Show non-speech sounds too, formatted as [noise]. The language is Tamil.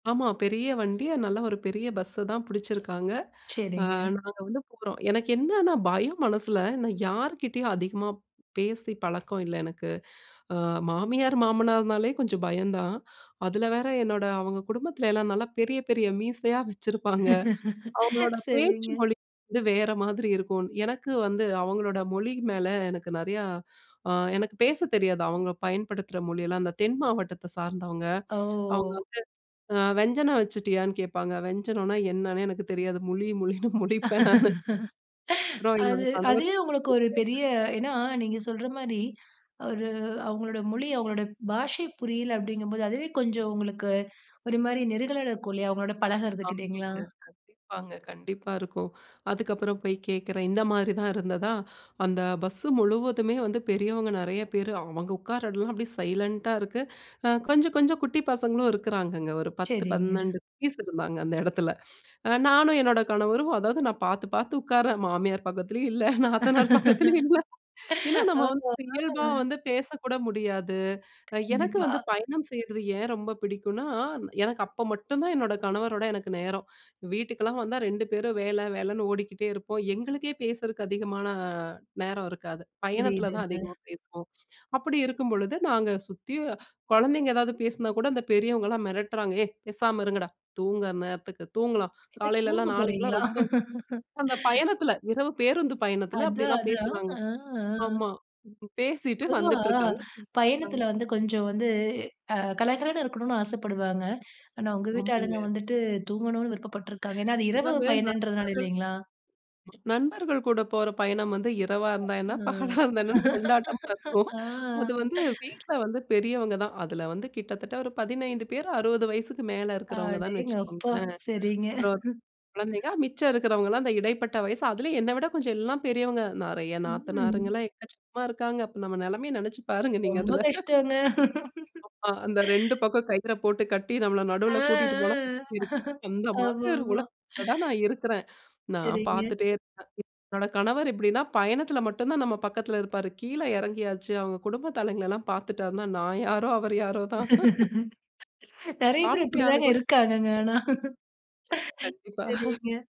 ஆமா. பெரிய வண்டி, நல்ல ஒரு பெரிய பஸ்ஸ தான் பிடிச்சிருக்காங்க, அ சரிங்க. நாங்க வந்து போறோம், எனக்கு என்னன்னா பயம் மனசில நான் யார்க்கிட்டேயும் அதிகமா பேசி பழக்கம் இல்ல எனக்கு. ஆ மாமியார், மாமனார்னாலே கொஞ்சம் பயம் தான், அதில வேற என்னோட அவுங்க குடும்பத்துல எல்லாம் நல்லா பெரிய, பெரிய மீசையா வச்சிருப்பாங்க, அவுங்களோட [laughs] பேச்சு சரிங்க. மொழி வந்து வேற மாதிரி இருக்கும், எனக்கு வந்து அவுங்களோட மொழி மேல எனக்கு நிறையா அ எனக்கு பேச தெரியாது. அவுங்க பயன்படுத்துற மொழியெல்லாம் அந்த தென் மாவட்டத்த சார்ந்தவங்க. அவுங்க ஓ! வந்து அ வெஞ்சனம் வச்சிட்டியான்னு கேட்பாங்க. வெஞ்சனோன்னா என்னன்னே எனக்கு தெரியாது. முழி, முழினு முழிப்பேன் நானு. அப்புறம் [laughs] என்னோட அது அதுவே கணவருக்கிட்ட போய் உங்களுக்கு ஒரு பெரிய கேட்பேன். ஏன்னா நீங்க சொல்றமாரி ஒரு அவுங்களோட மொழி அவுங்களுடைய பாஷை புரியல அப்பிடிங்கம்போது அதுவே கொஞ்சம் உங்களுக்கு ஒருமாரி நெருடலா இருக்கும் இல்லயா! அவுங்களோட பழகுறதுக்கு இல்லலீங்களா? ஆமாங்க. கண்டிப்பாங்க. கண்டிப்பா இருக்கும், அதுக்கப்புறம் போய் கேட்கிறேன், இந்தமாரி தான் இருந்ததா! அந்த பஸ்ஸு முழுவதுமே வந்து பெரியவங்க நிறைய பேரு அவுங்க உட்கார எல்லாம் அப்பிடியே சைலன்ட் ஆ இருக்கு, அ கொஞ்சம் கொஞ்சம் குட்டி பசங்களும் இருக்கிறாங்கங்க, ஒரு பத்து, சரிங்க. பன்னெண்டு குட்டீஸ் இருந்தாங்க அந்த இடத்துல. அ நானும் என்னோட கணவரும் அதாவது நான் பார்த்து, பார்த்து உட்கார்றேன். மாமியார் பக்கத்துலேயும் இல்ல. நாத்தனார் பக்கத்திலேயும் இல்ல. ஏன்னா [laughs] நம்ம ஓ. வந்து ஆமாங்க. இயல்பா வந்து பேசக்கூட முடியாது, அ எனக்கு கண்டிப்பா. வந்து பயணம் செய்றது ஏன் ரொம்ப பிடிக்குனா, எனக்கு அப்ப மட்டும் தான் என்னோட கணவரோட எனக்கு நேரம், வீட்டுக்குலாம் வந்தா 2 பேரும் வேலை வேலைன்னு ஓடிக்கிட்டே இருப்போம், எங்களுக்கே பேசறதுக்கு அதிகமான நேரம் இருக்காது. பயணத்தில தான் புரியுதுங்க. அதிகமா பேசுவோம், அப்பிடி இருக்கும்பொழுது நாங்க சுத்தி குழந்தைங்க எதாவது பேசினா கூட அந்த பெரியவங்கலாம் மிரட்டுறாங்க, ஏய்! பேசாம இருங்கடா! தூங்குற நேரத்துக்கு தூங்கலாம் [unintelligible] காலையிலலாம் தூங்கப் நாளைக்குலாம் போறீங்களா? ரொம்ப அந்த [laughs] பயணத்தில இரவு பேருந்து பயணத்தில அதான், அப்பிடிலாம் அதான் பேசுறாங்க, ஆ, ஆ. ஆமா. பேசிட்டு பொதுவா வந்துட்டு இருக்காங்க. ஆ. பயணத்தில வந்து கொஞ்சம் வந்து அ கலகலன்னு இருக்கணுன்னு ஆசைப்படுவாங்க, ஆனா உங்க ஆமாங்க. வீட்டாளுங்க வந்துட்டு தூங்கணுன்னு விருப்பப்பட்டிருக்காங்க, ஏன்னா அது இரவு அதாவது பயணன்றதுனால இல்லைங்களா மரும்கள், நண்பர்கள் கூட போற பயணம் வந்து இரவா இருந்தா என்ன, பகலா இருந்தா [unintelligible] என்னன்னு கொண்டாட்டமா [laughs] இருக்கும், ஆ, அது வந்து [laughs] வீட்ல வந்து பெரியவங்க தான் அதில வந்து கிட்டத்தட்ட ஒரு 15 பேர், 60 வயசுக்கு மேலே இருக்கிறவங்க தான்ன்னு அடேங்கப்பா! வச்சுக்கோங்களேன், ஆ, சரிங்க [laughs] அப்புறம் குழந்தைங்க மிச்சம் இருக்கிறவங்கலாம் அந்த இடைப்பட்ட வயசு, அதிலேயும் என்னை விட கொஞ்சம் எல்லாம் பெரியவங்க நிறைய ம். நாத்தனாருங்கலாம் எக்கச்சக்கமா இருக்காங்க, அப்போ நம்ம நிலைமையை நினைச்சு பாருங்க நீங்க ரொம்ப அதில. கஷ்டம்ங்க [chuckles] ஆமா, அந்த 2 [laughs] பக்கம் கயிறை போட்டு கட்டி நம்மள ஆ, நடுவில கூட்டிட்டு போனா, ஆ, [laughs] அந்த மாதிரி ஆமா, ஒரு ஆமா. உலகத்தில தான் நான் இருக்கிறேன். நான் சரிங்க. பார்த்துட்டே இருக்கேன், என்னோட கணவர் எப்படின்னா பயணத்தில மட்டும் தான் நம்ம பக்கத்தில இருப்பார், கீழ இறங்கியாச்சு அவங்க குடும்ப தலைங்களலாம் பார்த்துட்டாருன்னா நான் யாரோ அவரு யாரோ தான். [laughs] [laughs] நிறைய பேரு சாப்டியானு அப்பிடிதாங்க கூட இருக்காங்கங்க, ஆனா கண்டிப்பா. சரிங்க